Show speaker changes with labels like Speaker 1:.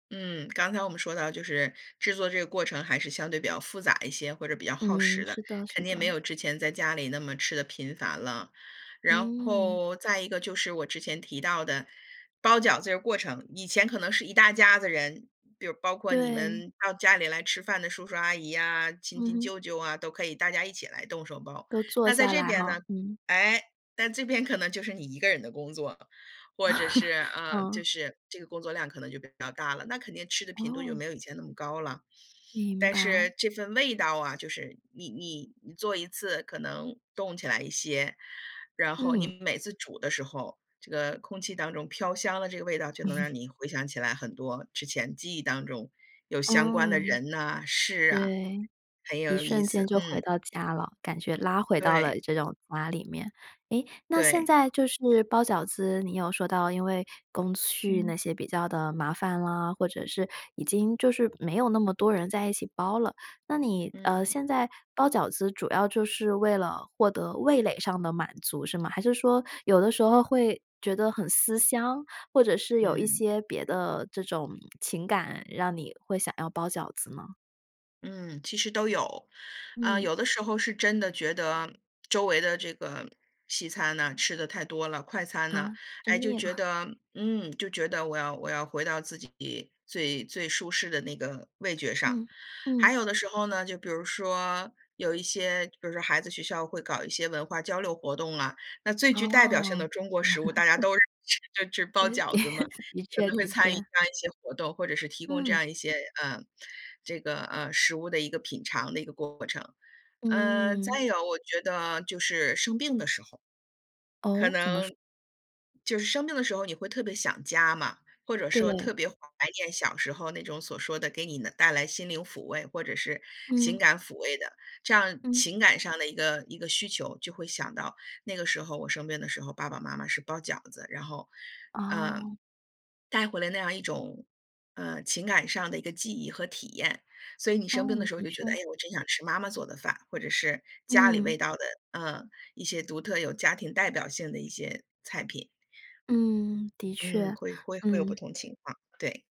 Speaker 1: 嗯，刚才我们说到，就是制作这个过程，还是相对比较复杂一些，或者比较耗
Speaker 2: 嗯，
Speaker 1: 时的，
Speaker 2: 是的是
Speaker 1: 肯定没
Speaker 2: 的。
Speaker 1: 有之前在家里那么吃得频繁了。然
Speaker 2: 嗯。
Speaker 1: 后，再一个就是我之前提到的，包饺子这过程，以前可能是一大家子人，比如包括你
Speaker 2: 对。
Speaker 1: 们到家里来吃饭的叔叔阿姨呀，亲
Speaker 2: 嗯
Speaker 1: 亲
Speaker 2: 哼。
Speaker 1: 舅舅啊，都可以大家一起来动手包。
Speaker 2: 都坐
Speaker 1: 那在
Speaker 2: 下
Speaker 1: 这
Speaker 2: 来
Speaker 1: 边
Speaker 2: 哈，
Speaker 1: 呢，
Speaker 2: 嗯。
Speaker 1: 哎，但这边可能就是你一个人的工作了。或者是 呃，就
Speaker 2: 嗯。
Speaker 1: 是这个工作量，可能就比较大了，那肯定吃的频度，就
Speaker 2: 哦。
Speaker 1: 没有以前那么高了。
Speaker 2: 明
Speaker 1: 但
Speaker 2: 白。
Speaker 1: 是这份味道啊，就是你你你做一次可能冻起来一些，然后你
Speaker 2: 嗯。
Speaker 1: 每次煮的时候，这个空气当中飘香的这个味道，就能让 你回想起来很多之前记忆当中，有相关的
Speaker 2: 嗯。
Speaker 1: 人呐、事啊，
Speaker 2: 对，
Speaker 1: 很
Speaker 2: 一
Speaker 1: 有意
Speaker 2: 瞬间
Speaker 1: 思，
Speaker 2: 就回
Speaker 1: 嗯。
Speaker 2: 到家了，感觉拉回到
Speaker 1: 对。
Speaker 2: 了这种家里面。哎，那现
Speaker 1: 对。
Speaker 2: 在就是包饺子，你有说到，因为工序那
Speaker 1: 嗯。
Speaker 2: 些比较地麻烦啦，或者是已经就是没有那么多人在一起包了。那你，
Speaker 1: 嗯。
Speaker 2: 呃，现在包饺子，主要就是为了获得味蕾上的满足，是吗？还是说有的时候会觉得很思乡，或者是有一
Speaker 1: 嗯。
Speaker 2: 些别的这种情感，让你会想要包饺子吗？
Speaker 1: 嗯，其实都有。啊，
Speaker 2: 嗯。
Speaker 1: 有的时候是真的觉得，周围的这个西餐呢，吃得太多了，快餐呢
Speaker 2: 啊，吃
Speaker 1: 哎，就
Speaker 2: 腻
Speaker 1: 觉
Speaker 2: 了。
Speaker 1: 得嗯，就觉得我要我要回到自己最最舒适的那个味觉上。
Speaker 2: 嗯，嗯。
Speaker 1: 还有的时候呢，就比如说，有一些比如说孩子学校，会搞一些文化交流活动啊。那最具代表性
Speaker 2: 哦。
Speaker 1: 的中国食物，大家 都 [unintelligible] 就是
Speaker 2: 呃，
Speaker 1: 包饺子嘛。
Speaker 2: 的
Speaker 1: 可
Speaker 2: 确
Speaker 1: 能会
Speaker 2: 的
Speaker 1: 参与这
Speaker 2: 确。
Speaker 1: 样一些活动，或者是提供这
Speaker 2: 嗯。
Speaker 1: 样一些呃，这个，呃，食物的一个品尝的一个过程。嗯，
Speaker 2: 嗯。
Speaker 1: 再有，我觉得就是生病的时候。可
Speaker 2: 哦，怎么说？
Speaker 1: 能就是生病的时候，你会特别想家嘛，或者说
Speaker 2: 对。
Speaker 1: 特别怀念小时候，那种所说的给你能带来心灵抚慰或者是情
Speaker 2: 嗯。
Speaker 1: 感抚慰的，这样
Speaker 2: 嗯。
Speaker 1: 情感上的一个一个需求。就会想到，那个时候我生病的时候，爸爸妈妈是包饺子。然后，呃，
Speaker 2: 哦。
Speaker 1: 带回来那样一种，呃，情感上的一个记忆和体验。所以你
Speaker 2: 哦，
Speaker 1: 生病的时候，
Speaker 2: 的
Speaker 1: 你就觉得：“哎，
Speaker 2: 确。
Speaker 1: 我真想吃妈妈做的饭。”或者是家里
Speaker 2: 嗯。
Speaker 1: 味道的呃，一些独特有家庭代表性的一些菜品。
Speaker 2: 嗯，的
Speaker 1: 嗯，
Speaker 2: 确，
Speaker 1: 会会会有不
Speaker 2: 嗯。
Speaker 1: 同情况，对。